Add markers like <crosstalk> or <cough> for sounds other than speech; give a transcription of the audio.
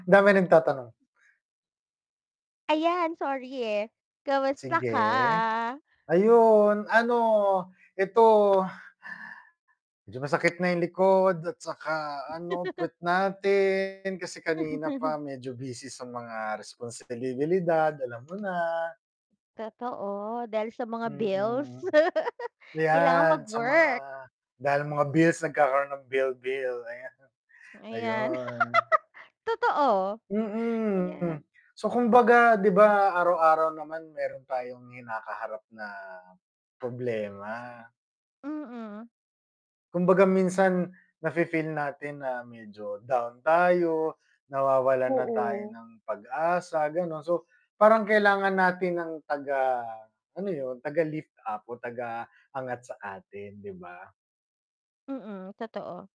Daming nagtatanong. Ayan, sorry, eh, kamusta ka? Sige, ayon, ano, eto medyo masakit na yung likod at saka ano <laughs> puwet natin, kasi kanina pa <laughs> medyo busy sa mga responsibilidad alam mo na. Totoo, dahil sa mga bills, Mm. <laughs> kailangang Yan sa mga mag-work. dahil mga bills nagkakaroon ng bill-bill, ayan. Ayan, Ayun. <laughs> totoo, Mm. ayan. So, kumbaga 'di ba, araw-araw naman meron tayong kinakaharap na problema? Mm. Kumbaga minsan, na-fe-feel natin na medyo down tayo, nawawalan na tayo Oo. ng pag-asa, ganon. So parang kailangan natin ng taga ano yun, taga lift up o taga angat sa atin, 'di ba? Mm, totoo.